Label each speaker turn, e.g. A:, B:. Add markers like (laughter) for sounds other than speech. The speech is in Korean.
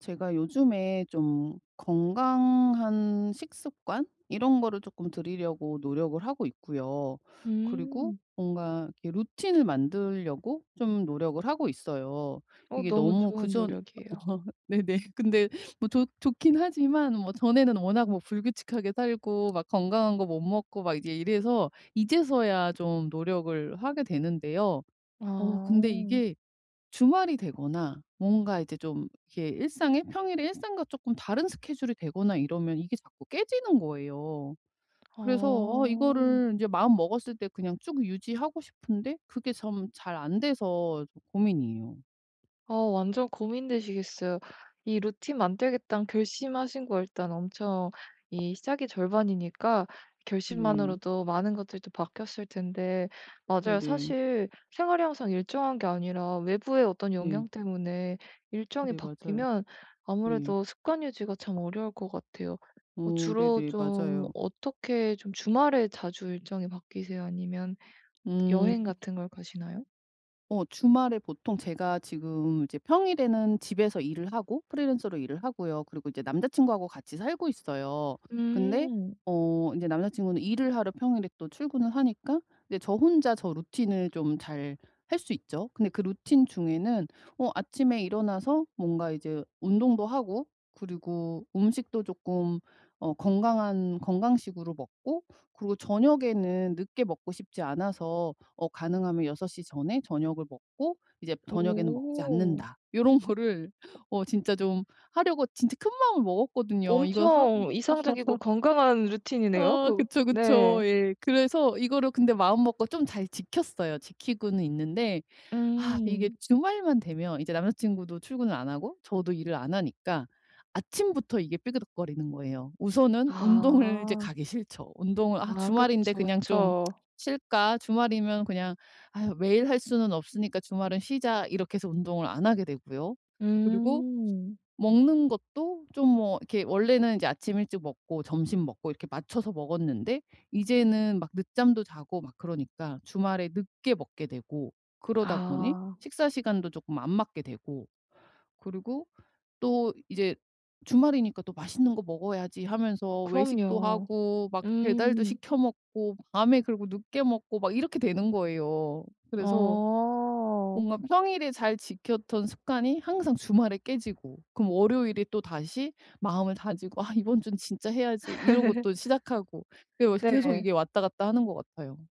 A: 제가 요즘에 좀 건강한 식습관 이런 거를 쪼끔 들이려고 노력을 하고 있고요. 그리고
B: 음.
A: 뭔가 이 루틴을 만들려고 좀 노력을 하고 있어요.
B: 어
A: 이게
B: 너무
A: 너무
B: 좋은
A: 그전
B: 노력이에요.
A: (unintelligible) 네네 근데 뭐 좋 좋긴 하지만 뭐 전에는 워낙 뭐 불규칙하게 살고 막 건강한 거 못 먹고 막 이제 이래서 이제서야 좀 노력을 하게 되는데요. 어 근데
B: 아.
A: 이게 주말이 되거나 뭔가 이제 좀 이렇게 일상에 평일에 일상과 쪼끔 다른 스케줄이 되거나 이러면 이게 자꾸 깨지는 거예요. 그래서 아
B: 아.
A: 이거를 이제 마음먹었을 때 그냥 쭉 유지하고 싶은데 그게 좀 잘 안 돼서 고민이에요.
B: 어 완전 고민되시겠어요. 이 루틴 만들겠다는 결심하신 거 일단 엄청 이 시작이 절반이니까
A: 네.
B: 결심만으로도 많은 것들이 또 바뀌었을 텐데. 맞아요,
A: 네네.
B: 사실 생활이 항상 일정한 게 아니라 외부의 어떤
A: 네.
B: 영향 때문에 일정이
A: 네 맞아요.
B: 바뀌면
A: 네.
B: 아무래도 습관 유지가 참 어려울 것 같아요. 어
A: 어
B: 주로
A: 네네.
B: 좀
A: 맞아요.
B: 어떻게 좀 주말에 자주 일정이 바뀌세요? 아니면
A: 음.
B: 여행 같은 걸 가시나요?
A: 어 주말에 보통 제가 지금 이제 평일에는 집에서 일을 하고 프리랜서로 일을 하고요. 그리고 이제 남자 친구하고 같이 살고 있어요. 근데
B: 음.
A: 어 인제 남자 친구는 일을 하러 평일에 또 출근을 하니까 네 저 혼자 저 루틴을 좀 잘할 수 있죠. 근데 그 루틴 중에는 어 아침에 일어나서 뭔가 이제 운동도 하고 그리고 음식도 쪼끔 어 건강한 건강식으로 먹고 그리고 저녁에는 늦게 먹고 싶지 않아서 어 가능하면 6:00 전에 저녁을 먹고 이제 저녁에는 먹지
B: 오.
A: 않는다 요런 거를 어 진짜 좀 하려고 진짜 큰 마음을 먹었거든요. 이거 하
B: 엄청 이상적이고
A: (chuckles)
B: 건강한 루틴이네요.
A: 아
B: 그
A: 그쵸,
B: 네.
A: 그쵸. 예. 그래서 이거를 근데 마음먹고 좀 잘 지켰어요. 지키고는 있는데. 아 이게
B: 음.
A: 주말만 되면 이제 남자 친구도 출근을 안 하고 저도 일을 안 하니까 아침부터 이게 삐그덕거리는 거예요. 우선은 운동을 이제
B: 아.
A: 가기 싫죠. 운동을 '아
B: 아
A: 주말인데
B: 그쵸,
A: 그냥 좀 (smacks lips)
B: 그쵸.
A: 쉴까?' 주말이면 그냥 '아유 매일 할 수는 없으니까 주말은 쉬자.' 이렇게 해서 운동을 안 하게 되고요. 그리고
B: 음.
A: 먹는 것도 좀 뭐 이렇게 원래는 아침 일찍 먹고 점심 먹고 이렇게 맞춰서 먹었는데 이제는 막 늦잠도 자고 막 그러니까 주말에 늦게 먹게 되고 그러다 보니
B: 아.
A: 식사 시간도 쪼끔 안 맞게 되고 그리고 또 이제 '주말이니까 또 맛있는 거 먹어야지.' 하면서 외식도
B: 그럼요.
A: 하고 막 배달도
B: 음.
A: 시켜 먹고 밤에 그리고 늦게 먹고 막 이렇게 되는 거예요. 그래서
B: 어.
A: 뭔가 평일에 잘 지켰던 습관이 항상 주말에 깨지고 그럼 월요일에 또다시 마음을 다지고 '아 이번 주는 진짜 해야지.' 이러고 또 시작하고
B: (chuckles)
A: 그게 요새 계속
B: 네.
A: 이게 왔다 갔다 하는 것 같아요.